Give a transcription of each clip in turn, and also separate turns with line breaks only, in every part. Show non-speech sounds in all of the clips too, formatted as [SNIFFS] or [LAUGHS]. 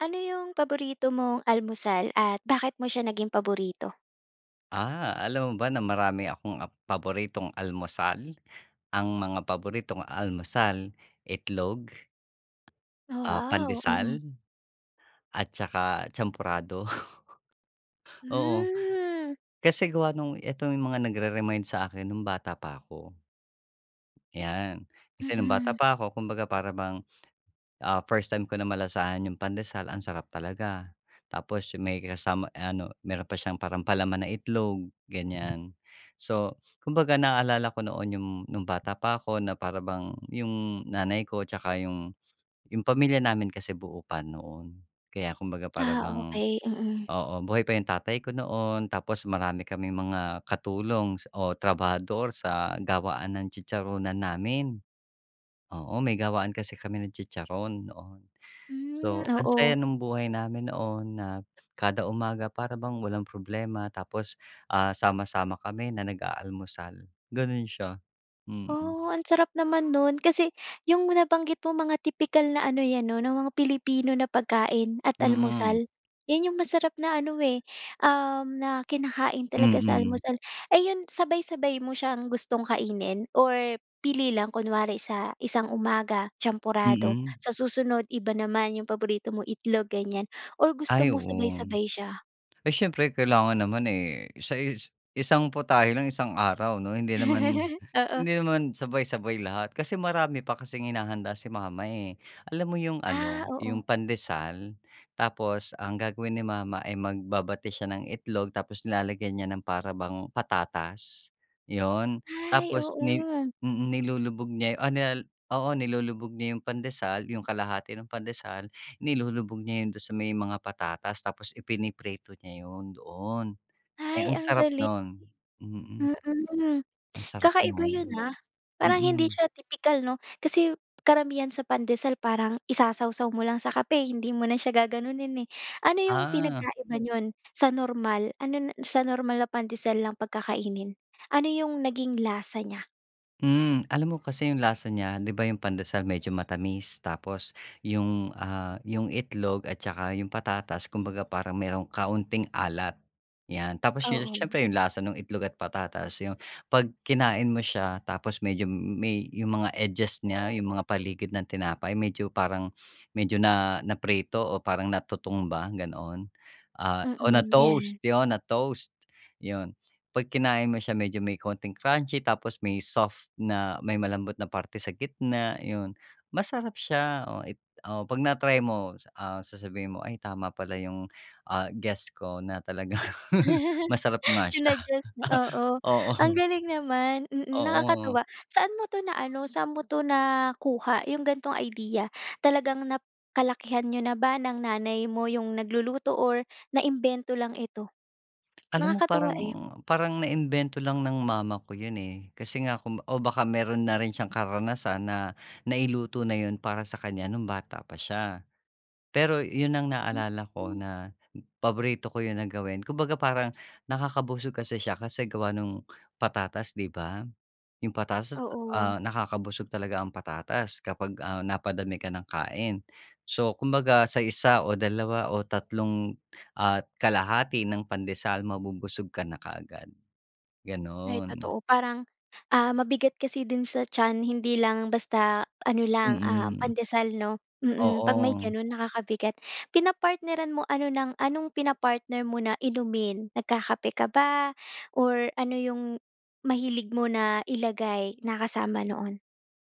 Ano yong paborito mong almusal, at bakit mo siya naging paborito?
Ah, alam mo ba na marami akong ap paboritong almusal? Ang mga paboritong almusal, itlog. Ah,
Ah, wow,
pandesal,
mm.
at tsaka champurado. [CHUCKLES] Oo,
Hmm.
kasi gawa nung ito yung mga nagre-remind sa'kin no'ng bata pa ako. Yan, kasi no'ng bata
Mhm.
pa ako. Kumbaga para bang, ah, first time ko na malasahan yung pandesal, ang sarap talaga. Tapos, yung may kasama, ah, ano, meron pa siyang parang palaman na itlog, ganyan. So kumbaga, naalala ko noon yung no'ng bata pa ako, na para bang yung nanay ko, 'tsaka yung yung pamilya namin kasi buo pa noon. Kaya, kumbaga para
Ah
bang,
okey, mhm.
oo, buhay pa yung tatay ko noon. Tapos marami kaming mga katulong o trabahador sa gawaan ng chicharunan namin. Oo, may gawaan kasi kami ng chicharon, noon.
Hmm,
So, ang saya
oo.
nung buhay namin noon. Na kada umaga, para bang walang problema. Tapos, ah, sama-sama kami na nag-aalmusal, gano'n siya. Mm.
Oh, ang sarap naman no'n. Kasi, yung nabanggit mo mga tipikal na ano yan 'no, na mga Pilipino na pagkain at
Mhm.
almusal. Yan yung masarap na ano eh, na um, kinakain talaga sa
Mhm.
almusal. Ay, yun, sabay-sabay mo siyang gustong kainin or pili lang? Kunwari sa isang umaga, champurado,
Mhm.
sa susunod iba naman, yong paborito mo itlog, ganyan, or gusto
Ay,
mo
oo.
sabay-sabay siya?
Ay, siyempre kailangan naman, eh, sa is isang putahe lang isang araw, 'no? Hindi naman,
[LAUGHS] Oo.
hindi naman sabay-sabay lahat, kasi marami pa kasing hinahanda si mama, eh. Alam mo yung
Ah,
ano, yung
oo.
pandesal? Tapos, ang gagawin ni mama ay magbabati siya ng itlog. Tapos, nilalagyan niya ng para bang patatas, yon.
Ay,
Tapos, ni
oo.
mm, nilulubog niya o nilalag o oo, nilulubog niya yong pandesal. Yong kalahati ng pandesal nilulubog niya 'yon do'n sa may mga patatas, tapos ipiniprito niya 'yon doon. Eh,
Ay,
ang
ang
sarap
galing!
no'n.
Mm,
Ang sarap
kakaiba 'yon,
no'n!
ah! Parang hindi
Oo.
siya tipikal 'no? Kasi, karamihan sa pandesal parang isasawsaw mo lang sa kape, hindi mo na siya gaganunin, eh. Ano yong
Ah.
pinagkaiba nun sa normal ano na, sa normal na pandesal lang 'pag kakainin? Ano yong naging lasa niya?
Mm. Alam mo kasi yung lasa niya, di ba, yung pandesal medyo matamis tapos yung, ah, yung itlog at tsaka yung patatas kumbaga parang mayroong kaunting alat, 'yan. Tapos yun,
Oo.
siyempre yung lasa nung itlog at patatas, yung 'pag kinain mo siya tapos medyo may yung mga edges niya, yung mga paligid ng tinapay medyo parang, medyo na naprito o parang natutong ba, ganoon. Ah, o
Mm,
na-toast,
'yan.
yun na-toast, yun. 'Pag kinain mo siya medyo may kaunting crunchy tapos may soft na, may malambot na parte sa gitna, yun. Masarap siya, oh i oo, 'pag na-try mo, s ah, sasabihin mo, "Ay tama pala yung, ah, guess ko na talagang
[GIGGLES]
masarap nga siya."
Sinuggest na oo. Ang
Oo.
galing naman, mm,
Oo.
nakakatuwa. Saan mo 'to na-ano, saan mo 'to nakuha, yung ganitong idea? Talagang nakalakihan niyo na ba ng nanay mo yung nagluluto or naimbento lang ito?
Alam mo
Nakakatuwa,
parang,
eh.
parang naimbento lang ng mama ko yun, eh. Kasi nga kung o baka meron na rin siyang karanasan na nailuto na yun para sa kanya nung bata pa siya. Pero yun ang naalala ko
Mm.
na paborito ko yun na gawin. Kumbaga, parang nakakabusog kasi siya kasi gawa nung patatas, di ba? Yung patatas,
Oo.
ah, nakakabusog talaga ang patatas kapag, ah, napadami ka ng kain. So, kumbaga sa 1 o 2 o 3 1/2 ng pandesal, mabubusog ka na kaagad,
Ay
gano'n.
totoo. Parang, ah, mabigat kasi din sa tiyan, hindi lang basta ano lang, ah,
Mm.
pandesal 'no? Mm, 'pag may
Oo.
ganun nakakabigat. Pinapartneran mo ano ng anong pinapartner mo na inumin? Nagkakape ka ba or ano yung mahilig mo na ilagay na kasama noon?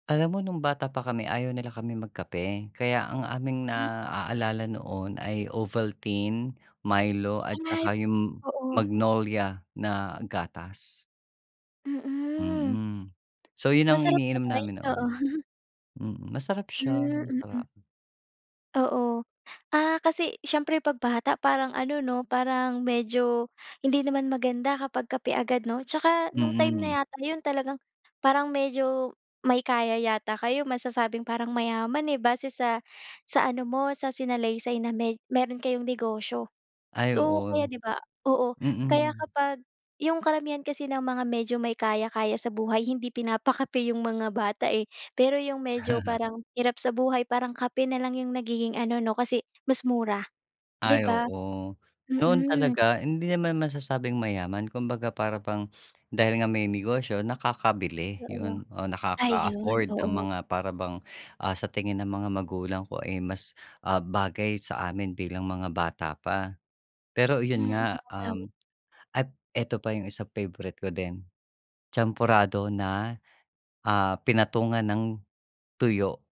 Alam mo nung bata pa kami, ayaw nila kaming magkape. Kaya, ang aming
Hmm.
naaalala noon ay Ovaltine, Milo, at
Ay,
tsaka yung
oo.
Magnolia na gatas.
Mhm.
Mm. So, yun ang
Masarap
iniinom
naman,
namin noon.
oo. [LAUGHS]
Mhm, masarap siya.
Hmm, mhm.
Masarap.
Oo. Ah, kasi, siyempre 'pag bata parang ano 'no, parang medyo hindi naman maganda kapag kape agad 'no. Tsaka, nung time
Mhm.
na yata yun, talagang parang medyo may kaya yata kayo. Masasabing, parang mayaman eh, base sa sa ano mo, sa sinalaysay na may mayro'n kayong negosyo.
Ay,
So,
oo.
kaya 'di ba? Oo, kaya
Mhm.
kapag, yung karamihan kasi ng mga medyo may kaya-kaya sa buhay, hindi pinapakape yung mga bata eh. Pero, yung medyo
[CHUCKLES]
parang hirap sa buhay, parang kape na lang yung nagiging ano 'no, kasi, mas mura, 'di
Ay,
ba?
oo. Noon
Mhm.
talaga, hindi naman masasabing mayaman. Kumbaga, para bang dahil nga may negosyo nakakabili,
Oo,
yun o
ayun.
nakaka-afford ng
Oo.
mga para bang, ah, sa tingin ng mga magulang ko ay mas, ah, bagay sa amin bilang mga bata pa. Pero, iyon
Mhm,
nga,
tama.
um, ay ito pa yung isa favorite ko din, Champurado na, ah, pinatungan ng tuyo.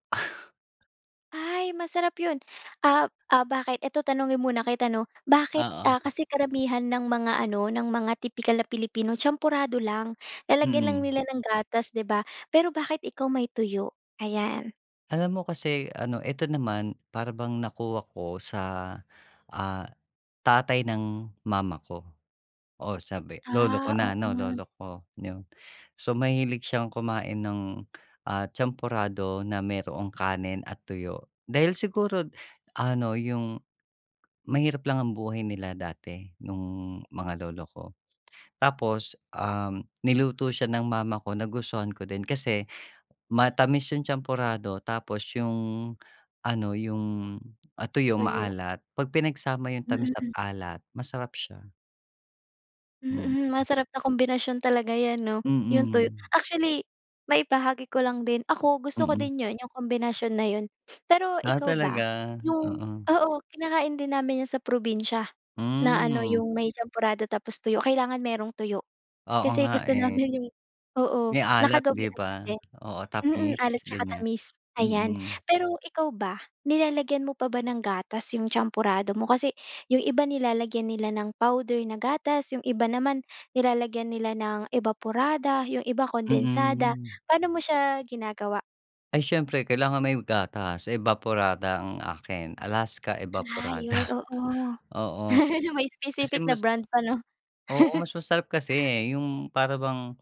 Ay masarap 'yon. Ap ah, bakit? Ito tanungin muna kita 'no? Bakit, ah,
Oo.
kasi karamihan ng mga ano, ng mga tipikal na Pilipino, champorado lang. Lalagyan lang
Mm.
nila ng gatas, 'di ba? Pero bakit ikaw may tuyo? Ayan.
Alam mo kasi ano ito naman, para bang nakuha ko sa, ah, tatay ng mama ko. Oo, sabi lolo ko
Ah,
na
oo
'no?
nga.
Lolo ko. 'Yon. So, mahilig siyang kumain ng, ah, champorado na mayroong kanin at tuyo. Dahil siguro ano, yung mahirap lang ang buhay nila dati nung mga lolo ko. Tapos, um, niluto siya ng mama ko, nagustuhan ko din. Kasi matamis yung champorado tapos yung ano, yung, ah, tuyo,
Tuyo.
maalat. 'Pag pinagsama yung tamis at
Mm.
alat, masarap siya.
Mm.
Mm.
Masarap na kombinasyon talaga 'yan 'no? 'Yong tuyo.
Mm.
Actually, maibahagi ko lang din. Ako gusto ko
Mm.
din 'yon, 'yong kombinasyon na 'yon. [SNIFFS] Pero
Ah,
ikaw
talaga?
ba, 'yong
Oo.
oo, kinakain din namin 'yan sa probinsya na ano,
Mm.
'yong may champorado tapos tuyo. Kailangan mayroong tuyo
Oo
kasi
nga,
gusto
eh.
namin 'yong oo,
May alat, 'di
nakagawian
ba?
na din
Oo,
mm,
tamis,
alat tsaka
ganyan.
tamis. Ayan, pero ikaw ba, nilalagyan mo pa ba ng gatas 'yong champorado mo? Kasi 'yong iba nilalagyan nila ng powder na gatas, 'yong iba naman nilalagyan nila ng ebaporada, 'yong iba, kondensada.
Mm.
Paano mo siya ginagawa?
Ay, siyempre kailangan may gatas, evaporada ang akin, Alaska
Ah, 'yon,
Evaporada,
oo.
oo.
[LAUGHS] May
Kasi
specific na
mas
brand pa, 'no?
Oo,
[CHUCKLES]
mas masarap kasi, 'yong para bang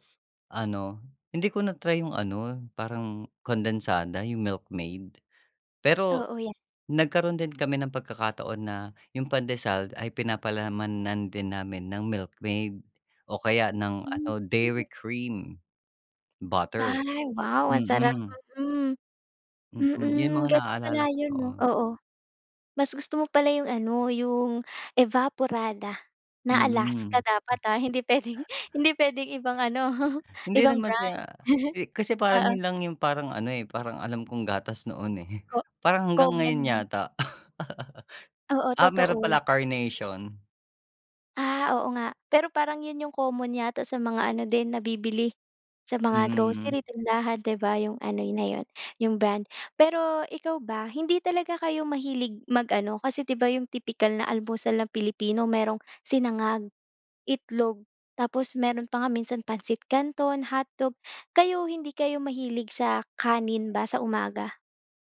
ano, hindi ko na-try 'yong ano, parang kondensada, 'yong Milkmaid. Pero
Oo, yan.
nagkaroon din kami ng pagkakataon na, 'yong pandesal ay pinapalamanan din namin ng Milkmaid, o kaya ng ano
Hmm, mm.
Dairy Cream, butter.
Ay, wow ang sarap,
Mm.
mm.
Mm, 'yon
Mm,
mga
gano'n
naalala
pala
ko
'yon, 'no,
noon.
oo. Mas gusto mo pala 'yong ano, 'yong Evaporada na Alaska
Mm.
dapat ha, hindi puwedeng, hindi puwedeng ibang ano, [CHUCKLES]
Hindi
ibang
naman
brand.
sa
[CHUCKLES]
eh, kasi parang
Oo.
'yon lang 'yong, parang ano eh, parang alam kong gatas noon eh.
Ko
Parang hanggang
common
ngayon
lang.
yata. [LAUGHS]
Oo,
Ah, meron
totoo.
pala, Carnation.
Ah, oo nga. Pero parang 'yon 'yong common yata sa mga ano din nabibili, sa mga
Mm.
grocery, tindahan, 'di ba? 'Yong ano na 'yon, 'yong brand. Pero ikaw ba, hindi talaga kayo mahilig mag-ano, kasi, 'di ba, 'yong tipikal na almusal ng Pilipino merong sinangag, itlog, tapos meron pa nga minsan pansit kanton, hotdog, kayo hindi kayo mahilig sa kanin ba sa umaga?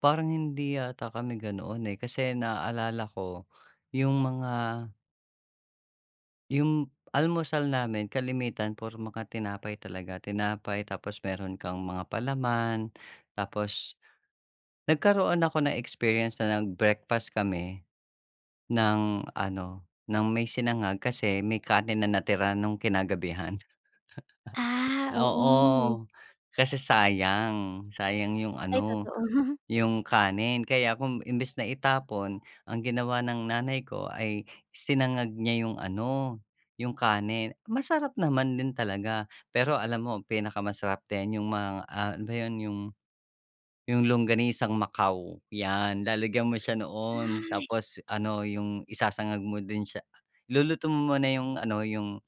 Parang hindi yata kami ganoon, eh, kasi naalala ko, yung mga Yung almusal namin kalimitan puro mga tinapay talaga. Tinapay tapos meron kang mga palaman tapos nagkaroon ako ng experience na nag-breakfast kami ng ano, ng may sinangag kasi may kanin na natira no'ng kinagabihan.
Ah,
[CHUCKLES] Oo,
oo.
kasi sayang, sayang 'yong
Ay,
ano,
totoo. [CHUCKLES]
yung kanin. Kaya kung imbes na itapon, ang ginawa ng nanay ko ay sinangag niya yung ano, yung kanin. Masarap naman din talaga pero alam mo ang pinakamasarap din yong mga, ah, ano 'yon yung yung Longganisang Macao. 'Yan lalagyan mo siya noon
Ah.
tapos ano yung isasangag mo din siya. Iluluto mo muna yung ano, yung,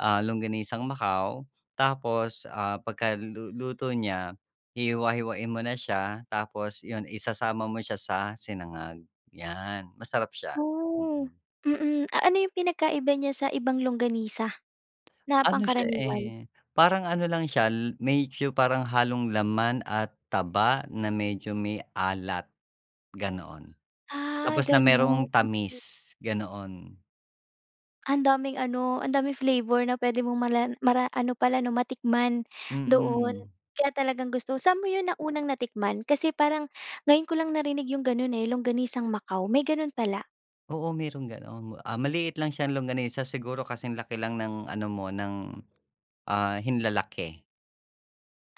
ah, Longganisang Macao tapos, ah, pagkaluluto niya hihiwa-hiwain mo na siya tapos 'yon isasama mo siya sa sinangag, 'yan masarap siya.
Oh, mm, a ano yung pinagkaiba niya sa ibang longganisa na
Ano siya,
pangkaraniwan?
eh, parang ano lang siya medyo parang halong laman at taba na medyo may alat ganoon.
Ah,
Tapos na mayroong
gano'n.
tamis ganoon.
Ang daming ano, ang daming flavor na pwede mong mala mara ano pala 'no, matikman doon.
Mm.
Kaya talagang gusto sa'n mo 'yon naunang natikman? Kasi parang ngayon ko lang narinig 'yong gano'n, eh, longganisang Macau. May ganun pala.
Oo, merong gano'n, ah, maliit lang siyang longganisa siguro kasing laki lang ng ano mo, ng, ah, hinlalaki.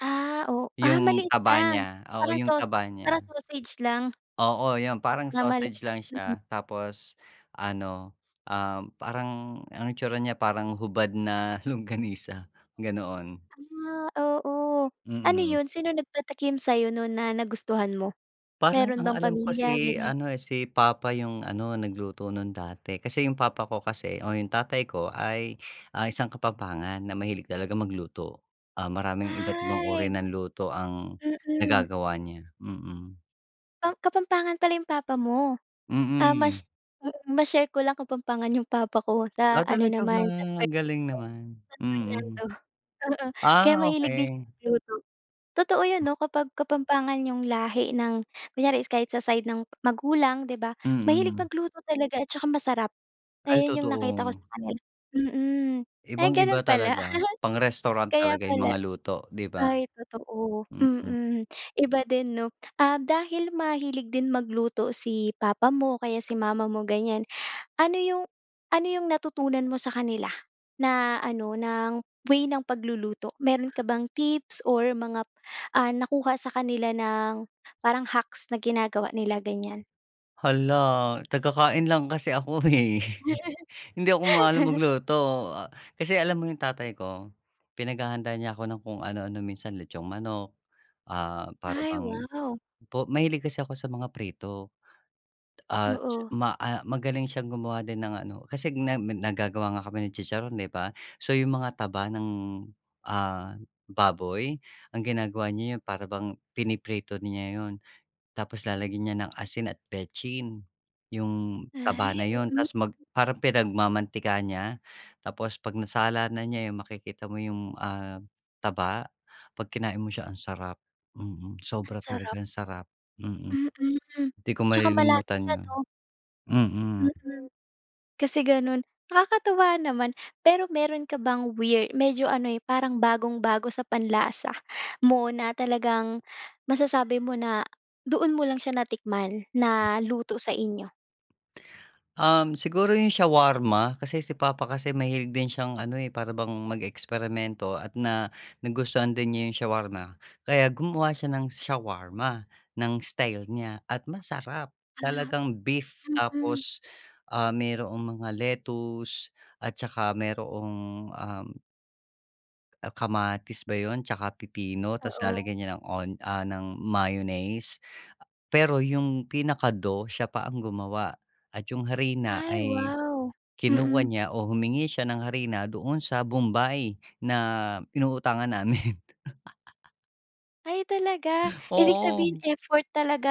Ah, o ah,
'Yung
maliit
taba
lang.
niya oo,
Parang
'yung
saus
taba niya.
parang sausage lang.
Oo, 'yon. Parang
Na mali
sausage lang
mm.
siya tapos ano, um, parang ang itsura niya parang hubad na longganisa, ganoon.
Ah, oo. Ano
Mm.
'yon? Sino nagpatakim sa 'yo no'n na nagustuhan mo?
Parang
Meron
ang
bang
alam ko
pamilya,
si
ganyan?
ano, eh, si papa 'yung ano, nagluto 'nun dati. Kasi 'yung papa ko kasi o 'yung tatay ko ay, ah, isang Kapampangan na mahilig talaga magluto. Ah, maraming iba't ibang uri
Ay.
ng luto ang
Mm.
nagagawa niya, mm.
Um, Kapampangan pala 'yong papa mo. Ah, mash
Mm.
mm. Ma-share ko lang Kapampangan 'yong papa ko.
Ah,
Sa ano
talaga ba?
naman, sa San
Ang galing
Fernando
naman.
San
Mm.
Fernando, oo. Kaya
Ah,
mahilig din siya
okey.
magluto. Totoo 'yon
Mm.
'no, kapag Kapampangan 'yong lahi ng kunyari is kahit sa side ng magulang, 'di ba, mahilig
Mm.
magluto talaga at tsaka masarap.
Ay,
Ayon 'yong nakita ko
totoo.
sa kanila. Mm. Ay
Ibang-iba
gano'n pala.
talaga. Pang
[LAUGHS]
restaurant
Kaya
talaga 'yung
pala.
mga luto, 'di ba?
Ay totoo.
Mm.
Mm. Iba din, 'no? Ah, dahil mahilig din magluto si papa mo o kaya si mama mo, ganyan. Ano 'yong ano 'yong natutunan mo sa kanila na ano, ng way ng pagluluto? Meron ka bang tips or mga, ah, nakuha sa kanila ng parang hacks na ginagawa nila, ganyan?
Hala. Taga-kain lang kasi ako, eh. [CHUCKLES] Hindi ako maalam
[LAUGHS]
magluto. Kasi alam mo 'yong tatay ko, pinaghahanda niya ako ng kung anu-ano. Minsan litsong manok, ah, para
Ay,
bang
wow.
po mahilig kasi ako sa mga prito. At ts
Oo.
ma ah, magaling siyang gumawa din ng ano. Kasi nem nag naggagawa nga kami ni chicharon, 'di ba? So, 'yong mga taba ng, ah, baboy ang ginagawa niya 'yon para bang piniprito niya 'yon. Tapos lalagyan niya ng asin at betsin 'yong taba
Ay,
na 'yon.
mm.
Tapos mag parang pinagmamantika niya. Tapos 'pag nasala na niya 'yon, makikita mo 'yong, ah, taba. 'Pag kinain mo siya, ang sarap. Mm.
Ang
Sobra talaga
sarap.
ang sarap. Mm.
Mm.
'Di ko
'Tsaka malasa
malilimutan
siya
'yon.
'no?
Mm.
Mm. Kasi gano'n. Nakakatuwa naman. Pero meron ka bang weir medyo ano, eh, parang bagong-bago sa panlasa mo na talagang masasabi mo na doon mo lang siya natikman na luto sa inyo?
Um, siguro yung shawarma kasi si papa kasi mahilig din siyang ano, eh, para bang mag-eksperimento at na nagustuhan din niya yung shawarma. Kaya gumawa siya ng shawarma ng style niya at masarap,
Ah,
talagang beef
mm.
tapos mayroong mga lettuce at saka mayroong, um. Ah, kamatis ba yun? Tsaka pipino tapos
Oo.
lalagyan niya ng on ah, ng mayonnaise. Pero yung pinaka-dough siya pa ang gumawa at yung harina
Ay,
ay,
wow.
kinuha
Mm.
niya o humingi siya ng harina doon sa bombay na inuutangan namin. [CHUCKLES]
Ay talaga? Ibig sabihin
Oo.
effort talaga.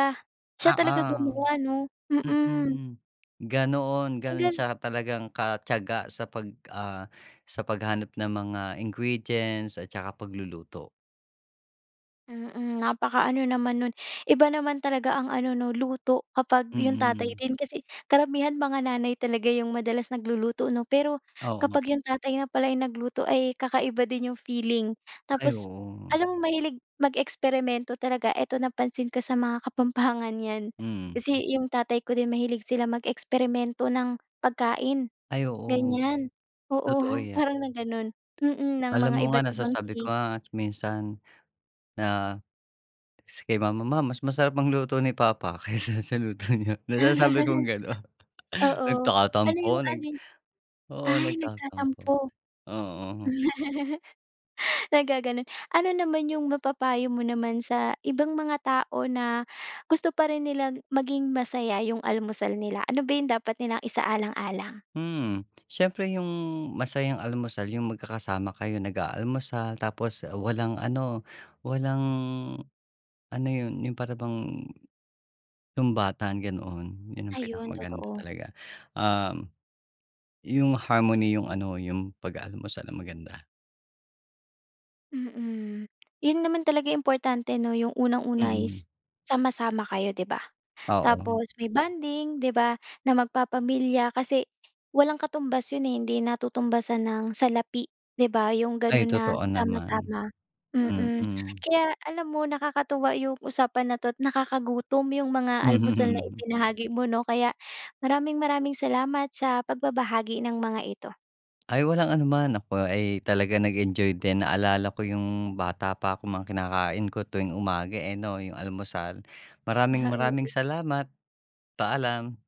Siya talaga
Oo.
gumawa 'no? Mm.
Mm, ganoon,
Ang
gano'n
galing.
siya talagang katiyaga sa pag ah, sa paghanap ng mga ingredients, at saka pagluluto.
Mm, napakaano naman no'n. Iba naman talaga ang ano 'no, luto, kapag 'yong tatay
Mm.
din, kasi karamihan mga nanay talaga 'yong madalas nagluluto 'no? Pero
Oo.
kapag 'yong tatay na pala yung nagluto ay kakaiba din 'yong feeling.
Ay
Tapos
oo.
alam mo, mahilig mag-eksperimento talaga, eto napansin ko sa mga kapampangan 'yan.
Mm.
Kasi 'yong tatay ko din mahilig sila mag-eksperimento ng pagkain,
Ay oo.
ganyan. Oo,
Totoo 'yan.
parang na gano'n. Mm, ng
Alam
mga
mo nga,
iba't ibang
nasasabi ko
taste.
nga at minsan na si kay mama, "Ma mas masarap magluto ni papa kaysa sa luto niyo." Nasasabi kong
[CHUCKLES]
gano'n.
Oo. Ano
Nagtatampo,
'yong
nag
ano
oo,
ay
nagtatampo,
nagtatampo.
oo.
Naggaganun. Ano naman yung mapapayo mo naman sa ibang mga tao na gusto pa rin nila maging masaya yung almusal nila, ano ba yung dapat nilang isaalang-alang?
Mm. Siyempre yung masayang almusal yung magkakasama kayo nag-aalmusal, tapos walang ano, walang, ano yun, yung para bang sumbatan gano'n, yun ang
Ayun
pinakamaganda
totoo.
talaga. Um, yung harmony yung ano yung pag-aalmusal ang maganda.
Mm. Yun naman talaga yung importante 'no, 'yong unang-una
Mm.
is sama-sama kayo, 'di ba?
Oo.
Tapos may bonding, 'di ba, na magpapamilya kasi, walang katumbas 'yon hindi natutumbasan ng salapi, 'di ba? 'Yong
Ay,
gano'n na
totoo naman.
sama-sama, mm.
Mm.
Kaya alam mo nakakatuwa 'yong usapan na 'to' nakakagutom 'yong mga almusal na
[CHUCKLES]
ibinahagi mo, 'no? Kaya maraming maraming salamat sa pagbabahagi ng mga ito.
Ay walang anuman. Ako ay talaga nag-enjoy din, naalala ko yung bata pa ako, mga kinakain ko tuwing umaga, eh, 'no, yung almusal. Maraming-maraming
Oo.
salamat. Paalam.